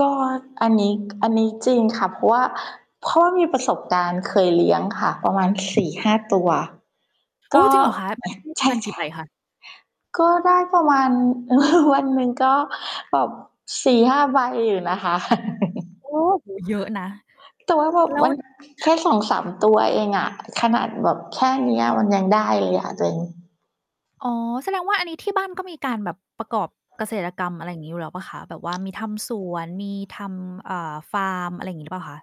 ก็อันนี้ อันนี้จริงค่ะ เพราะว่า เพราะว่ามีประสบการณ์เคยเลี้ยงค่ะ ประมาณ 4-5 ตัว กโอ้ ็ จริงเหรอคะ เอ ต็มที่ ใปชระมาณกี่ใ่ บคะ? ๆ ก็ได้ประมาณ วันหนึ่งก็แบบ 4-5 ใบอยู่นะคะ โอ้โฮ! เยอะนะ แต่ว่าแบบแล้มว ัน คแค่ะ ่ 2-3 ตัวเองอะ ขนาดแบบแค่เนี้ย มันยังได้เลยอะตัวเอง อ๋อ แสดงว่าอันนี้ที่บ้านก็มีการแบบประกอบเกษตรกรรม อะไรอย่างงี้อยู่แล้วเปล่าคะ แบบว่ามีทำสวน มีทำ อ่า ฟาร์ม อะไรอย่างงี้หรือเปล่าคะ?